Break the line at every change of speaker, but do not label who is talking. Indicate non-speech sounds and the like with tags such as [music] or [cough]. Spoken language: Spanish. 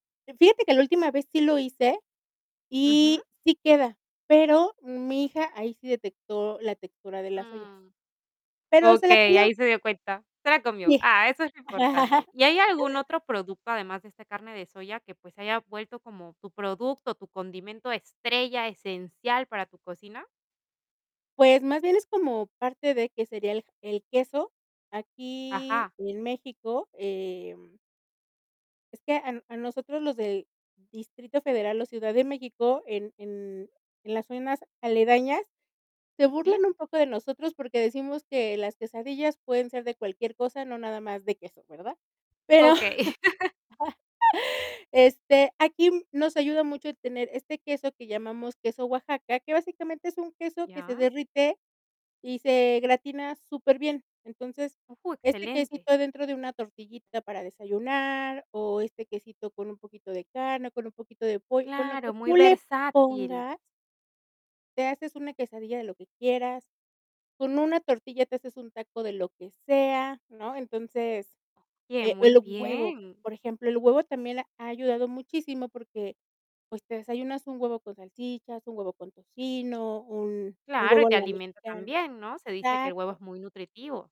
Eh, fíjate que la última vez sí lo hice
Ujú.
y sí queda, pero, mi hija ahí sí detectó la textura de la soya.
Mm,
Pero, se la
okey,
comió.
ahí se dio cuenta. Se la comió.
Sí.
Ah, eso es lo importante,
[laughs]
¿y hay algún otro producto además de esta carne de soya que, pues, se haya vuelto como tu producto, tu condimento estrella, esencial para tu cocina?
Pues, más bien es como parte de, ¿qué sería, el el queso? Aquí,
Ajá.
en México, em es que a a nosotros los del Distrito Federal o Ciudad de México, en en en las zonas aledañas, se
¿Sí?
burlan un poco de nosotros porque, decimos que las quesadillas pueden ser de cualquier cosa, no nada más de queso, ¿verdad? Pero,
Okey. [laughs]
[laughs] este, aquí nos ayuda mucho el tener este queso que llamamos queso Oaxaca, que básicamente es un queso que se
Ya.
derrite y se gratina superbién. Entonces,
Ujú.
este
Excelente.
quesito adentro de una tortillita para desayunar, o este quesito con un poquito de carne, con un poquito de pollo, con lo
Claro,
que
muy
tú le
versátil.
pongas te haces una quesadilla de lo que quieras. Con una tortilla te haces un taco de lo que sea, ¿no? Entonces,
Bien,
eh,
muy
el huevo,
bien.
por ejemplo, el huevo también ha ayudado muchísimo porque, pues, te desayunas un huevo con salchichas, un huevo con tocino, un un
Claro, y
huevo a
te
la
alimenta
mexicana.
también, ¿no? Se dice que el huevo es
Exacto.
muy nutritivo.